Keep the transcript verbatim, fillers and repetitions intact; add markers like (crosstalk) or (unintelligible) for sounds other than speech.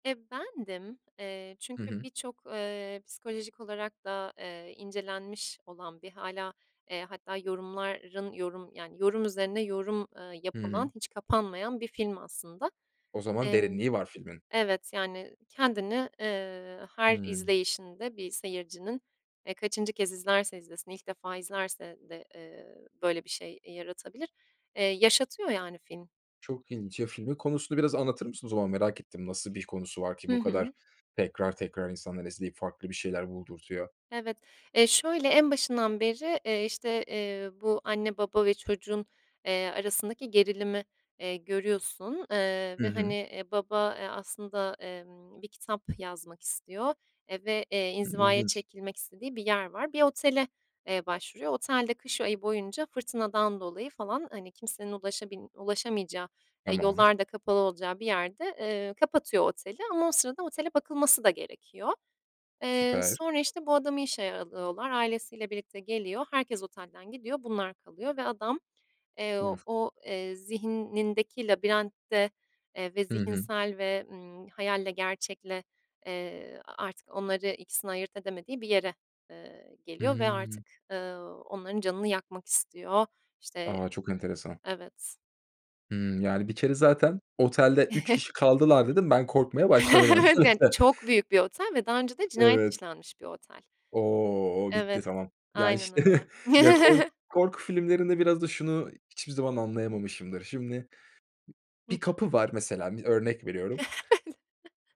E, bendim, eee, Hı çünkü hı. birçok, eee, psikolojik olarak da, eee, incelenmiş olan ve hâlâ, eee, hatta yorumların yorum yani, yorum üzerine yorum, ııı, Hı yapılan, hı. hiç kapanmayan bir film aslında. O zaman Emm derinliği var filmin. Evet, yani kendini, eee, her Hımm. izleyişinde bir seyircinin, eee, kaçıncı kez izlerse izlesin, ilk defa izlerse de, eee, böyle bir şey yaratabilir. Eee, yaşatıyor yani film. Çok ilginç ya, filmin konusunu biraz anlatır mısın o zaman? Merak ettim, nasıl bir konusu var ki Hı bu kadar hı. tekrar tekrar insanlar izleyip farklı bir şeyler buldurtuyor? Evet. Eee, şöyle en başından beri, eee, işte, eee, bu anne, baba ve çocuğun, eee, arasındaki gerilimi, eee, görüyorsun, eee, Hı ve, hani, hı. eee, baba, eee, aslında, emm, bir kitap yazmak istiyor, eee, ve, eee, Hıı, inzivaya ilginç. çekilmek istediği bir yer var. Bir otele, eee, başvuruyor. Otel de kış ayı boyunca fırtınadan dolayı falan, hani, kimsenin ulaşabil ulaşamayacağı, eee, Tamam. yollar da kapalı olacağı bir yerde, eee, kapatıyor oteli ama o sırada otele bakılması da gerekiyor. Eee, Süper. sonra, işte, bu adamı işe alıyorlar. Ailesiyle birlikte geliyor. Herkes otelden gidiyor, bunlar kalıyor ve adam, eee, (unintelligible) o, eee, zihnindeki labirentte, eee, ve Hı hı. zihinsel ve, ımm, hayalle, gerçekle, eee, artık onları ikisini ayırt edemediği bir yere, eee, geliyor ve artık, Hımm. ııı, onların canını yakmak istiyor. İşte A! Çok enteresan. evet. Hımm, yani, bir kere zaten, "Otelde üç (chuckles) kişi kaldılar." dedin, ben korkmaya başladım (chuckles) Evet, yani, öncelikle. çok büyük bir otel ve daha önce de cinayet Evet. işlenmiş bir otel. O! O bitti, Evet, tamam. Ya, işte aynen öyle. (chuckles) ya, kork (chuckles) korku filmlerinde biraz da şunu hiçbir zaman anlayamamışımdır: Şimdi bir Hıh. kapı var mesela, bir örnek veriyorum. (chuckles)